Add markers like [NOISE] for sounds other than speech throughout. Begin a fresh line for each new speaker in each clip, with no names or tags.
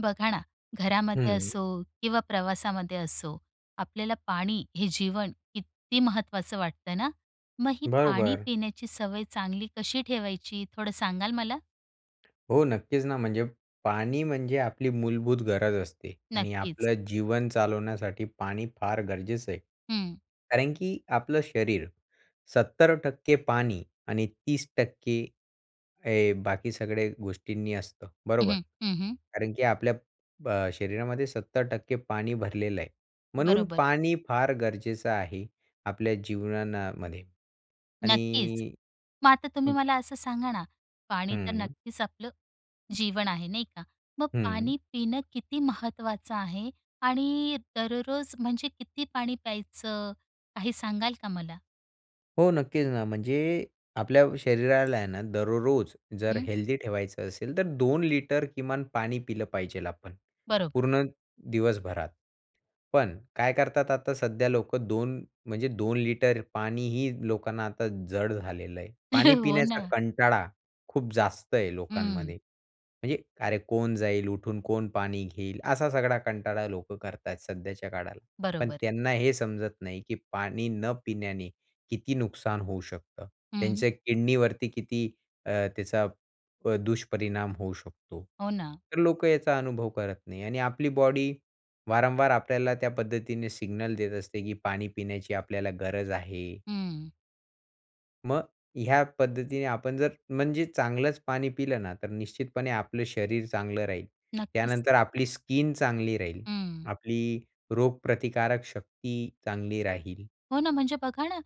बघा ना, घरामध्ये
हं.
असो किंवा प्रवासामध्ये असो, आपल्याला पाणी हे जीवन किती महत्त्वाचं वाटतं ना. मग ही पाणी
बरोबर.
पिण्याची सवय चांगली कशी ठेवायची, थोडं सांगाल मला?
हो, नक्कीच ना, म्हणजे पाणी म्हणजे आपली मूलभूत गरज असते आणि
नक्कीच.
आपलं जीवन चालवण्यासाठी पाणी फार गरजेचं आहे.
हं.
कारण की आपलं शरीर 70% पाणी आणि 30% हे बाकी सगळ्या गोष्टींनी असतं,
हं,
बरोबर?
हं. हं, हं.
कारण की आपल्या अ, शरीरामध्ये 70% पाणी भरलेलं आहे, म्हणून
बरोबर.
पाणी फार गरजेचं आहे आपल्या जीवना ना मध्ये.
नक्कीच.
आणि
मग आता तुम्ही
हं.
मला असं सांगा ना, पाणी तर
हं.
नक्कीच आपलं जीवन आहे, नाही का? मग
हं.
पाणी पिणं किती महत्त्वाचं आहे आणि दररोज, म्हणजे किती पाणी प्यायचं, काही सांगाल का मला?
हो, नक्कीच ना. म्हणजे आपल्या शरीराला आहे ना, दररोज जर
हं.
हेल्दी ठेवायचं असेल, तर 2 लिटर किमान पाणी पिलं पाहिजे आपण,
बरोबर.
पूर्ण दिवसभरात. पण, काय करतात, आता सध्या लोक, 2, म्हणजे 2 लिटर पाणीही लोकांना आता जड झालेलं आहे. पाणी
[CHUCKLES] हो
पिण्याचा
ना.
कंटाळा, खूप जास्त आहे
हं.
लोकांमध्ये. म्हणजे, "अरे, कोण जाईल उठून, कोण पाणी घेईल," असा सगळा कंटाळा लोकं करतात सध्याच्या काळाला. पण
बरोबर.
त्यांना हे समजत नाही, की पाणी न पिण्याने किती नुकसान होऊ शकतं,
हं.
त्यांच्या किडनीवरती किती अ, त्याचा प दुष्परिणाम होऊ शकतो.
हो ना.
तर लोकं याचा अनुभव करत नाही. आणि आपली बॉडी वारंवार आपल्याला त्या पद्धतीने सिग्नल देत असते, की पाणी पिण्याची आपल्याला गरज आहे.
हं.
मग ह्या पद्धतीने आपण जर म्हणजे चांगलंच पाणी पिलं ना, तर निश्चितपणे आपलं शरीर चांगलं राहील.
नक्कीच.
त्यानंतर आपली स्किन चांगली राहील,
हं.
आपली रोगप्रतिकारक शक्ती चांगली राहील.
हो ना, म्हणजे बघा ना,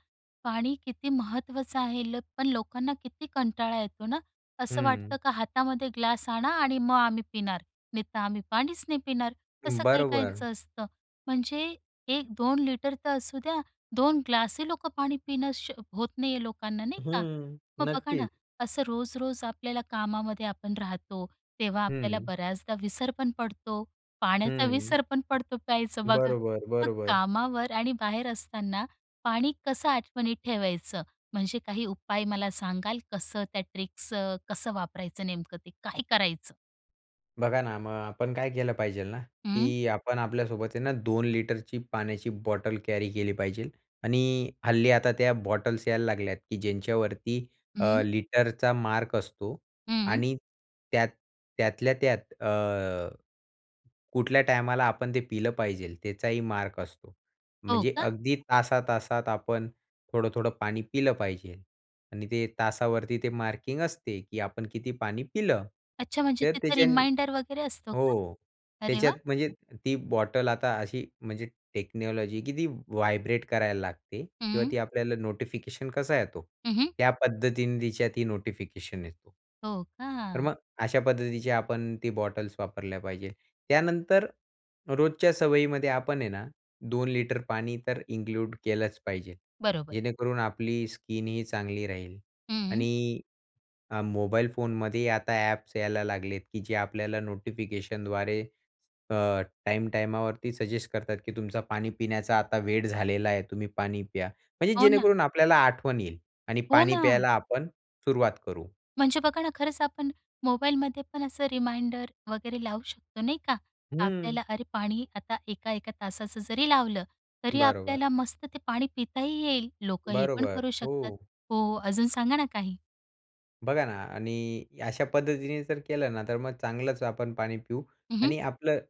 पाणी किती महत्त्वाचं आहे. ल पण लोकांना किती कंटाळा येतो ना, असं वाटतं
हं.
का हातामध्ये ग्लास आणा आणि मग आम्ही पिणार. नाहीतर आम्ही पाणीच नाही पिणार, तसं
हं,
काही
बरोबर.
काहींचं असतं. म्हणजे 1-2 लिटर तर असू द्या. 2 ग्लासही लोकं पाणी पिणं श होत नाहीये लोकांना नाही का?
हं,
मग बघा ना,
नक्कीच.
असं रोज-रोज आपल्याला कामामध्ये आपण राहतो, तेव्हा
हं,
आपल्याला
हं.
बऱ्याचदा विसर पण पडतो पाण्याचा
हं.
विसर पण पडतो प्यायचं बघा.
बरोबर,
मग
बरोबर.
कामावर आणि बाहेर असताना पाणी कसं आठवणीत ठेवायचं? म्हणजे काही उपाय मला सांगाल, कसं त्या ट्रिक्स अ, कसं वापरायचं, नेमकं ते काय करायचं?
बघा ना, मग आपण काय केलं पाहिजेल ना,
हं.
की आपण आपल्यासोबत आहे ना, 2 लिटरची पाण्याची बॉटल कॅरी केली पाहिजेल आणि हल्ली आता त्या बॉटल्स यायला लागल्यात, की ज्यांच्यावरती अ,
हं.
लिटरचा मार्क असतो
हं.
आणि त्यात त्यातल्या त्यात अ, कुठल्या टायमाला आपण ते पिलं पाहिजेल? त्याचाही मार्क असतो.
हो
म्हणजे
का?
अगदी तासा-तासात आपण थोडं-थोडं पाणी पिलं पाहिजे आणि ते तासावरती ते मार्किंग असते, की आपण किती पाणी पिलं.
अच्छा म्हणजे
तर
तिथं
त्याच्याने
रिमाइंडर वगैरे असतो का?
हो
अरे
त्याच्यात
वाह!
म्हणजे ती बॉटल आता अशी म्हणजे टेक्नॉलॉजी आहे की ती व्हायब्रेट करायला लागते किंवा
हं.
ती आपल्याला नोटिफिकेशन कसा येतो?
हं, हं.
त्या पद्धतीने तिच्यात ही नोटिफिकेशन येतो.
हो
तर
का.
मग अशा पद्धतीचे आपण ती बॉटल्स वापरल्या पाहिजे. त्यानंतर रोजच्या सवयीमध्ये आपण आहे ना, 2 लिटर पाणी तर इन्क्लूड केलंच पाहिजे.
बरोबर.
जेणेकरून आपली स्किन ही चांगली राहील
हं.
आणि अ, मोबाईल फोनमध्ये आता ॲप्स यायला लागलेत, की जे आपल्याला नोटिफिकेशनद्वारे अ, टाइम-टायमावरती सजेस्ट करतात, की तुमचा पाणी पिण्याचा आता वेळ झालेला आहे, तुम्ही पाणी प्या. म्हणजे
हो ना.
जेणेकरून आपल्याला आठवण येईल आणि
हो
पाणी
ना.
प्यायला आपण सुरुवात करू.
म्हणजे बघा ना, खरंच आपण मोबाईलमध्ये पण असं रिमाइंडर वगैरे लावू शकतो नाही का?
हं.
आपल्याला, अरे पाणी आता 1-1 तासाचं जरी लावलं, तरी
बरोबर.
आपल्याला मस्त ते पाणी पिताही येईल, लोकं हे पण
बरोबर.
करू शकतात.
हो.
हो, अजून सांगा ना काही?
बघा ना आणि अशा पद्धतीने जर केलं ना, तर मग चांगलंच आपण पाणी पिऊ
हं, हं.
आणि आपलं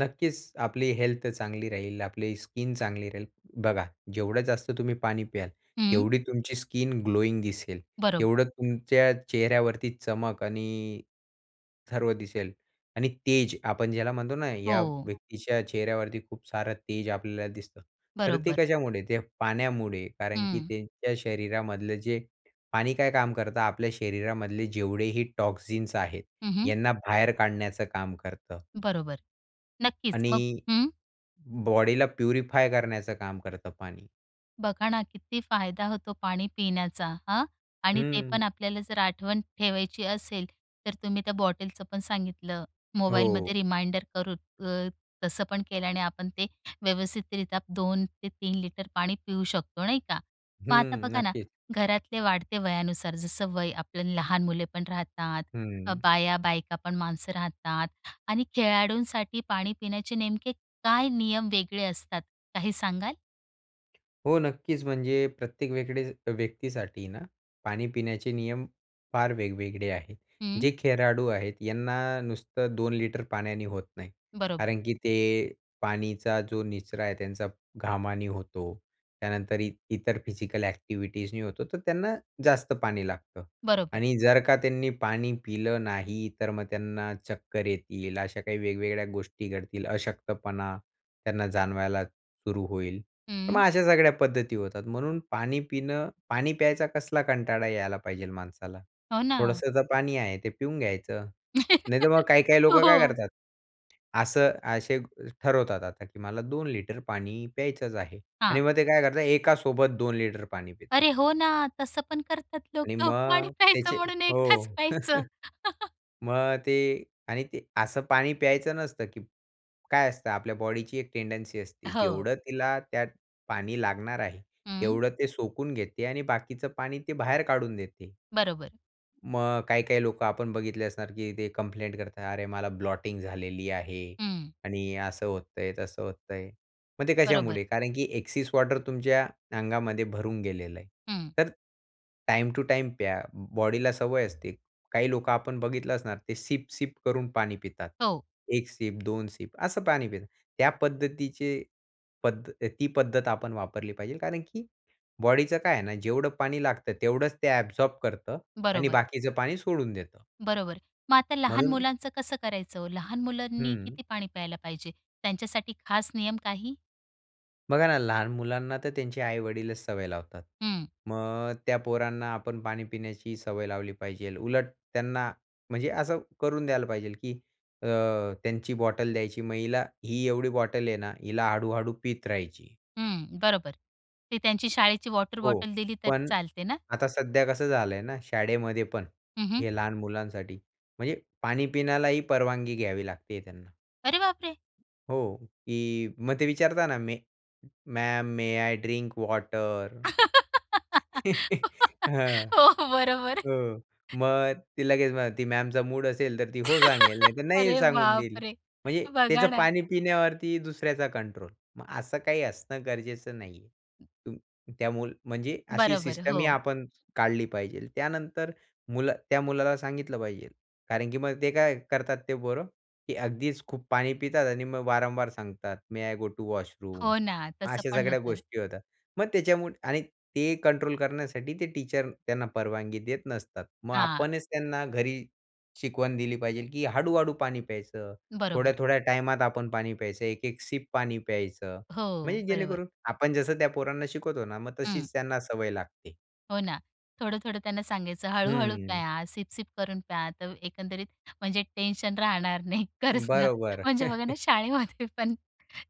नक्कीच आपली हेल्थ चांगली राहील, आपली स्किन चांगली राहील. बघा, जेवढं जास्त तुम्ही पाणी प्याल,
हं.
तेवढी तुमची स्किन ग्लोइंग दिसेल.
बरोबर.
तेवढं तुमच्या चेहऱ्यावरती चमक आणि सर्व दिसेल आणि तेज आपण ज्याला म्हणतो ना, या
हो.
व्यक्तीच्या चेहऱ्यावरती खूप सारं तेज आपल्याला दिसतं. तर ते
बरोबर.
कशामुळे? ते पाण्यामुळे. कारण की
हं.
त्यांच्या शरीरामधलं जे पाणी काय काम करतं, आपल्या शरीरामधले जेवढे ही टॉक्सिन्स आहेत,
हं, हं.
यांना बाहेर काढण्याचं काम करतं.
बरोबर, नक्कीच
आणि
मग हं.
बॉडीला प्युरिफाय करण्याचं काम करतं पाणी.
बघा ना, किती फायदा होतो पाणी पिण्याचा, हं आणि ते
हं.
पण आपल्याला जर आठवण ठेवायची असेल, तर तुम्ही त्या बॉटलचं पण सांगितलं. मोबाईलमध्ये
हो.
रिमाइंडर करून अ, तसं पण केल्याने आपण ते व्यवस्थितरित्या 2 ते 3 लिटर पाणी पिऊ शकतो, नाही का? मग आता
हं,
बघा ना,
नक्कीच.
घरातले वाढते वयानुसार जसं वय, आपलं लहान मुले पण राहतात, तर
हं.
बाया-बायका पण माणसं राहतात आणि खेळाडूंसाठी पाणी पिण्याचे नेमके काय नियम वेगळे असतात, काही सांगाल?
हो, नक्कीच, म्हणजे प्रत्येक व्यकडे व्यक्तीसाठी ना, पाणी पिण्याचे नियम फार वेगवेगळे आहेत.
हं.
जे खेळाडू आहेत यांना नुसतं 2 लिटर पाण्याने होत नाही.
बरोबर.
कारण की ते पाणीचा जो निचरा आहे त्यांचा, घामाने होतो, त्यानंतर इ इतर फिजिकल ॲक्टिव्हिटीजनी होतो. तर त्यांना जास्त पाणी लागतं
बरोबर.
आणि जर का त्यांनी पाणी पिलं नाही, तर मग त्यांना चक्कर येतील अशा काही वेगवेगळ्या गोष्टी घडतील. अशक्तपणा त्यांना जाणवायला सुरू होईल, तर मग
हं.
अशा सगळ्या पद्धती होतात. म्हणून पाणी पिणं पाणी प्यायचा कसला कंटाळा यायला पाहिजेल माणसाला,
हो ना.
थोडंसं तर पाणी आहे, ते पिऊन घ्यायचं.
[CHUCKLES]
नाहीतर मग काही-काही
हो
लोकं काय
हो.
करतात, असं असे ठरवतात आता की मला 2 लिटर पाणी प्यायचंच आहे
हां.
आणि मग ते काय करतात एकासोबत 2 लिटर पाणी पितात.
अरे, हो ना, तसं पण करतात
आणि
लोकं पाणी
मग
प्यायचं
त्याचे
म्हणून एकदाच
हो.
प्यायचं. [CHUCKLES]
[CHUCKLES] मग ते आणि ते असं पाणी प्यायचं नसतं, की काय असतं, आपल्या बॉडीची एक टेंडन्सी
अ,
असते.
हो.
जेवढं तिला त्यात पाणी लागणार आहे,
हं.
तेवढं ते सोकून घेते आणि बाकीचं पाणी ते बाहेर काढून देते.
बरोबर.
मग काही-काही लोकं आपण बघितले असणार, की ते कंप्लेंट करतात, "अरे, मला ब्लॉटिंग झालेली आहे
हं.
आणि असं होतं आहे, तसं होतं आहे." मग ते
बरोबर.
कशामुळे? कारण की ॲक्सेस वॉटर तुमच्या अंगामध्ये भरून गेलेलं आहे.
हं.
तर टाईम टू टाईम प्या बॉडीला सवय असते. काही लोकं आपण बघितलं असणार ते सिप-सिप करून पाणी पितात.
हो.
एक सिप दोन सिप असं पाणी पितात. त्या पद्धतीचे पद्धत ती पद्धत आपण वापरली पाहिजे. कारण की बॉडीचं काय आहे ना, जेवढं पाणी लागतं, तेवढंच ते ॲबसॉर्ब करतं आणि
बरोबर.
बाकीचं पाणी सोडून देतं.
बरोबर, मग आता लहान
म्हणून
मुलांचं कसं करायचं हो? लहान मुलांनी
हं.
किती पाणी प्यायला पाहिजे, त्यांच्यासाठी खास नियम काही?
बघा ना, लहान मुलांना तर त्यांचे आई-वडीलच सवय लावतात.
हं.
मग त्या पोरांना आपण पाणी पिण्याची सवय लावली पाहिजेल. उलट त्यांना म्हणजे असं करून द्यायला पाहिजे की अ, त्यांची बॉटल द्यायची, मग हिला ही एवढी बॉटल आहे ना, हिला हळ-हळू पीत राहायची.
हं, बरोबर. ते त्यांची शाळेची वॉटर
हो,
बॉटल दिली तरी
पण
चालते ना?
आता सध्या कसं झालंय ना, शाळेमध्ये पण,
हं, हं.
हे लहान मुलांसाठी? म्हणजे पाणी पिण्यालाही परवानगी घ्यावी लागते त्यांना.
अरे बापरे!
हो. की मग ते विचारता ना, "may ma'am, may I drink water?"
[GIGGLES]
[CHUCKLES] हां.
हो, बरोबर.
हो, मग ती लगेच मग ती मॅमचा मूड असेल तर, ती हो सांगेल,
[LAUGHS]
नाहीतर नाही
अरे
सांगून देईल.
बापरे!
म्हणजे
बघा
त्याचं
ना.
पाणी पिण्यावरती दुसऱ्याचा कंट्रोल. मग असं काही असणं गरजेचं नाही आहे. त्यामुळे म्हणजे अशी
बरोबर,
सिस्टमही
हो.
आपण काढली पाहिजे. त्यानंतर मुलं त्या मुलाला सांगितलं पाहिजे, कारण की मग ते काय करतात ते पोरं, की अगदीच खूप पाणी पितात आणि मग वारंवार सांगतात, "may I go to washroom?"
हो ना,
मग
तसं
अशा
पण
सगळ्या
होतं.
गोष्टी होतात. मग त्याच्यामुळ आणि ते कंट्रोल करण्यासाठी, ते टीचर त्यांना परवानगी देत नसतात. मग
हां.
आपणच त्यांना घरी शिकवण दिली पाहिजे की हळू-हळू पाणी प्यायचं,
बरोबर.
थोड्या-थोड्या टायमात आपण पाणी प्यायचं, एक-एक सिप पाणी प्यायचं.
हो,
म्हणजे
बरोबर.
जेणेकरून आपण जसं त्या पोरांना शिकवतो ना, मग
हं.
तशीच त्यांना सवय लागते.
हो ना, थोडं-थोडं त्यांना सांगायचं, हळू-हळू
हं.
प्या, सिप-सिप करून प्या. तर एकंदरीत, म्हणजे टेन्शन राहणार नाही, खरंच ना.
बरोबर.
म्हणजे बघा ना,
[CHUCKLES]
शाळेमध्ये पण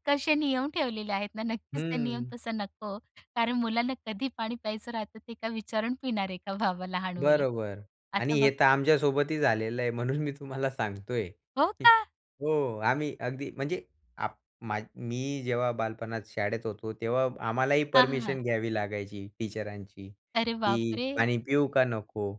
कसे नियम ठेवलेले आहेत ना. नक्कीच ते नियम
हं.
तसा नको, कारण मुलांना कधी पाणी प्यायचं राहतं, ते काय विचारून पिणार आहे का, बाबा, लहान मुलं.
बरोबर, आणि
आता
हे
बघा
तर आमच्यासोबतही झालेलं आहे, म्हणून मी तुम्हाला सांगतोय.
हो का?
हो. आम्ही अगदी, म्हणजे आपण, मी जेव्हा बालपणात शाळेत होतो, तेव्हा आम्हालाही
हां, हां, हां.
परमिशन घ्यावी लागायची टीचरांची,
अरे
की
बापरे!
पाणी पिऊ का नको.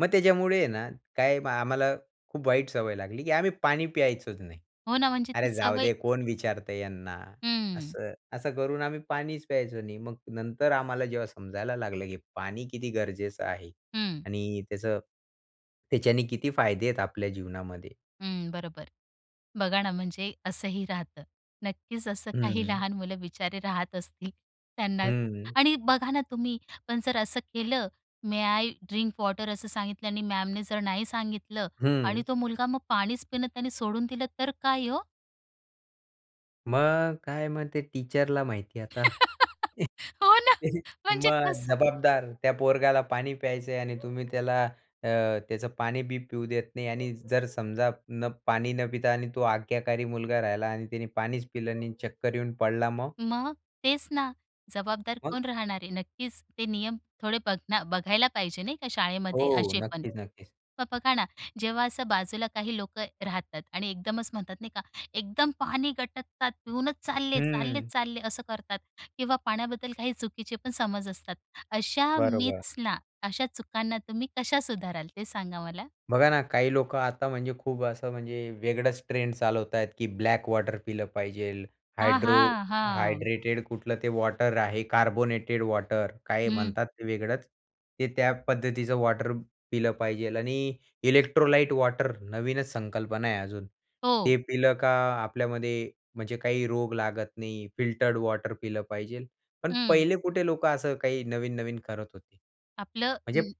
मग त्याच्यामुळे आहे ना, काय, आम्हाला खूप वाईट सवय लागली, की आम्ही पाणी प्यायचंच नाही.
हो ना, म्हणजे ती
अरे,
सवय
जाऊदे, कोण विचारत यांना,
हं.
असं असं करून आम्ही पाणीच प्यायचो नाही. मग नंतर आम्हाला जेव्हा समजायला लागलं, की पाणी किती गरजेचं आहे
हं.
आणि त्याचं, त्याच्याने किती फायदे आहेत आपल्या जीवनामध्ये.
हं, बरोबर. बघा ना म्हणजे असंही राहतं. नक्कीच असं काही
हं.
लहान मुलं बिचारे राहत असतील. त्यांना
हं.
आणि बघा ना तुम्ही पण जर असं केलं, "मे आय ड्रिंक वॉटर" असं सांगितलं आणि मॅमने जर नाही सांगितलं आणि
हं.
तो मुलगा मग पाणीच पिणं त्याने सोडून दिलं, तर काय हो?
मग, काय मग ते टीचरला माहिती आहे आता.
[LAUGHS] हो ना,
[CHUCKLES]
म्हणजे
मग
कसं?
जबाबदार त्या पोरगाला पाणी प्यायचं आहे आणि तुम्ही त्याला अ, त्याचं पाणी बी पिऊ देत नाही आणि जर समजा पाणी न पिता आणि तो आज्ञाकारी मुलगा राहिला आणि त्याने पाणीच पिलं नाही आणि चक्कर येऊन पडला, मग?
मग तेच ना, जबाबदार
मग
कोण राहणार आहे? नक्कीच ते नियम थोडे बघना बघायला पाहिजे, नाही का, शाळेमध्ये
हो,
असे पण.
नक्कीच, नक्कीच.
मग बघा ना, जेव्हा असं बाजूला काही लोकं राहतात आणि एकदमच म्हणतात, नाही का, एकदम पाणी गटकतात, पिऊनच चालले, चालले,
हं.
चालले, असं करतात किंवा पाण्याबद्दल काही चुकीचे पण समज असतात. अशा
बरोबर.
मिथ्सना, अशा चुकांना तुम्ही कशा सुधाराल? ते सांगा मला.
बघा ना, काही लोकं आता, म्हणजे खूप असं, म्हणजे वेगळंच ट्रेंड चालवत आहेत, की ब्लॅक वॉटर पिलं पाहिजे,
हां,
हायड्रो
हां, हां.
हायड्रेटेड कुठलं ते वॉटर आहे, कार्बोनेटेड वॉटर, काय
हं.
म्हणतात ते, वेगळंच ते, त्या पद्धतीचं वॉटर पिलं पाहिजे. आणि इलेक्ट्रोलाइट वॉटर, नवीनच संकल्पना आहे अजून,
हो.
ते पिलं का, आपल्यामध्ये, म्हणजे काही रोग लागत नाही. फिल्टर्ड वॉटर पिलं पाहिजे. पण
हं.
पहिले कुठे लोकं असं काही नवीन-नवीन करत होते,
आपलं
म्हणजे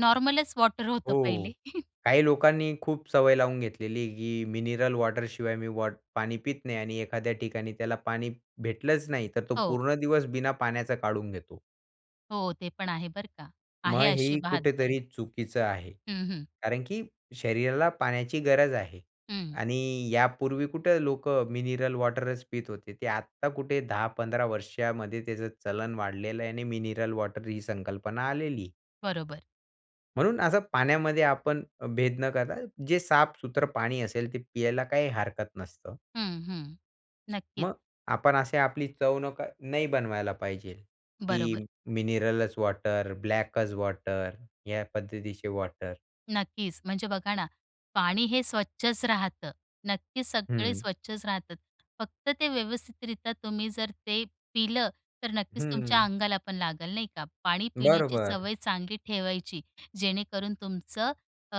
नॉर्मलच वॉटर होतं पहिले.
हो.
[CHUCKLES]
काही लोकांनी खूप सवय लावून घेतलेली आहे, की मिनरल वॉटर शिवाय मी वॉट पाणी पित नाही. आणि एखाद्या ठिकाणी त्याला पाणी भेटलंच नाही, तर तो
हो.
पूर्ण दिवस बिना पाण्याचा काढून घेतो.
हो, ते पण आहे, बरं का? आहे,
मग
अशी
हे
बहाद्दरे.
कुठेतरी चुकीचं आहे,
हं, हं.
कारण की शरीराला पाण्याची गरज आहे.
हं.
आणि यापूर्वी कुठे लोकं मिनरल वॉटरच पीत होते, ते आता कुठे 10-15 वर्षांमध्ये त्याचं चलन वाढलेलं आहे आणि मिनरल वॉटर ही संकल्पना आलेली.
बरोबर.
म्हणून असं पाण्यामध्ये आपण भेद न करता, जे साफ सुथरं पाणी असेल, ते प्यायला काही हरकत नसतं.
हं, हं, नक्कीच.
मग आपण अशी आपली चव नक नाही बनवायला पाहिजेल,
बरोबर.
की मिनरलच वॉटर, ब्लॅकच वॉटर, या पद्धतीचे वॉटर.
नक्कीच, म्हणजे बघा ना, पाणी हे स्वच्छच राहतं. नक्कीच सगळे
हं.
स्वच्छच राहतात. फक्त ते व्यवस्थितरित्या तुम्ही जर ते पिलं, तर नक्कीच तुमच्या
हं.
अंगाला पण लागेल, नाही का. पाणी पिण्याची
बरोबर.
सवय चांगली ठेवायची, जेणेकरून तुमचं अ,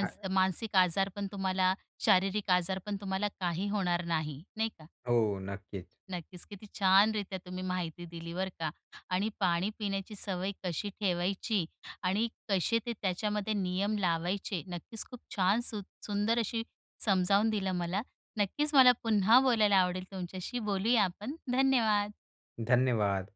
अ
मानसिक आजार पण तुम्हाला, शारीरिक आजार पण तुम्हाला काही होणार नाही, नाही का?
हो, नक्कीच.
नक्कीच, किती छानरीत्या तुम्ही माहिती दिली, बरं का. आणि पाणी पिण्याची सवय कशी ठेवायची आणि कसे ते त्याच्यामध्ये नियम लावायचे, नक्कीच खूप छान, सुं सुंदर अशी समजावून दिलं मला. नक्कीच मला पुन्हा बोलायला आवडेल तुमच्याशी. बोलूया आपण. धन्यवाद.
धन्यवाद.